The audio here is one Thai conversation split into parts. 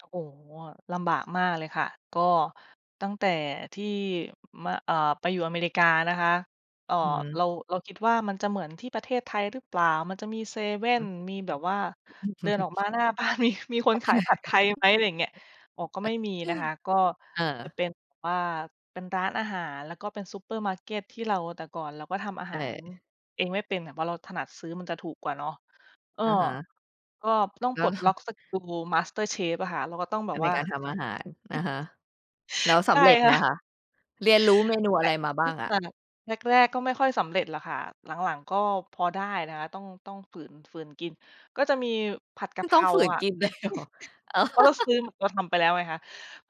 โอ้โฮ ลำบากมากเลยค่ะ ก็ตั้งแต่ที่ ม อ่า ไปอยู่อเมริกานะคะ เอ่อ อือฮึ เรา เราคิดว่ามันจะเหมือนที่ประเทศไทยรึเปล่า มันจะมีเซเว่ฮึ น มีแบบว่าอืม เดินออกมาหน้า บ้าน มี มีคนขายผัดไทยไหม อะไรอย่างเงี้ย อ๋อ ก็ไม่มีนะคะ ก็อา จะเป็นแบบว่า เป็นร้านอาหาร แล้วก็เป็นซูเปอร์มาร์เก็ตที่เรา แต่ก่อนเราก็ทำอาใชหาร่ เองไม่เป็น เพราะเราถนัดซื้อมันจะถูกกว่าเนาะ เออ อะฮะ ก็ต้องแลป้ลว ดล็อกสกิลมาสเตอร์เชฟอะค่ะ เราก็ต้องแบอา บในว่า การทำอาหาร อะฮะ อืแล้วอ สใชำ่ เร็จคไห่มะ คะ เรียนรู้เมนูแตอะ่ไรมาบไม้่างขอะ? นาดนั้น แรก ๆ ก็ไม่ค่อยสำเร็จหรอกค่ะ หลัง ๆ ก็พอได้นะคะ ต้อง ต้องฝืน ฝืนกิน ก็จะมีผัดกไมะ่เพต้อรงาฝืนค่ะ กิน เลยเหรอ? เออ เพราะเราซื้อ เราทำไปแล้วไงคะ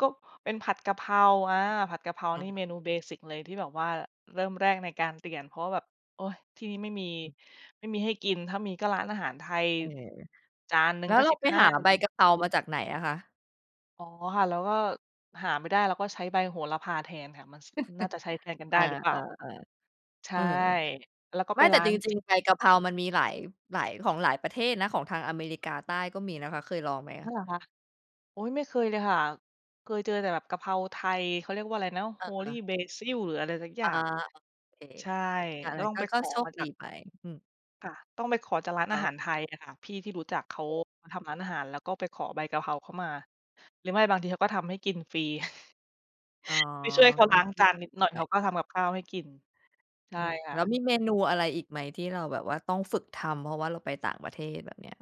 ก็เป็นผัดกะเพรา อ่า ผัดกะเพราอา นี่แล้เมวยันงู ไง เบสิก เลยที่แบบว่าเริ่มแรกในการเตียน เพราะว่าแบบ โอ๊ย ที่นี่ไม่มี อืม ไม่มีให้กิน ถ้ามีก็ร้านอาหารไทย จานหนึแ่ต่ แลง้กว็ เรสาิบไปห้า หาใบกะเพรามาจากไหนอะคะ? อ๋อ ค่ะ แล้วก็หาไม่ได้ แล้วก็ใช้ใบโหระพาแทนค่ะ มัน ส น่าจะใช้แทนกันไดอ้า หรือเๆ ปล่า ๆ ใชเ่ ออ แล้วก็ไไมป่แตร้่าจน ริจรง ิง ๆ ใบกะเพรามันมีหลาย หลาย ของหลายประเทศนะ ของทางอเมริกาใต้ก็มีนะคะ เคยลองไหมคอ๋ะ? อ เหรอคะ โอ๊ย ไม่เคยเลยค่ะ เคยเจอแต่แบบกะเพราไทย เขาเรียกว่าอะไรนะ เholy ออ basil หรืออะไรสักอยอ่า าง โอเค ใช่ อา ก็งั้ตน ้องก็ ไปกข็อโชมคาจดาีก ไป อืม ค่ะ ต้องไปขอจากร้านแลอ้าว หารไทยอะค่ะ พี่ที่รู้จักเขาทำร้านอาหาร แล้วก็ไปขอใบกะเพราเขามา หรือไม่บางทีเขาก็ทำให้กินฟรี อ๋อ ไปช่วยเขาก็ล้างโชจาคนนิดดีหน่อยไเขาป ก็ทำกับข้าวให้กิน ใชอ่ืม ค่แล้วะ มีเมนูอะไรอีกไหมที่เราแบบว่าต้องฝึกทำ? เพราะว่าเราไปต่างประเทศ แบบเนี้ย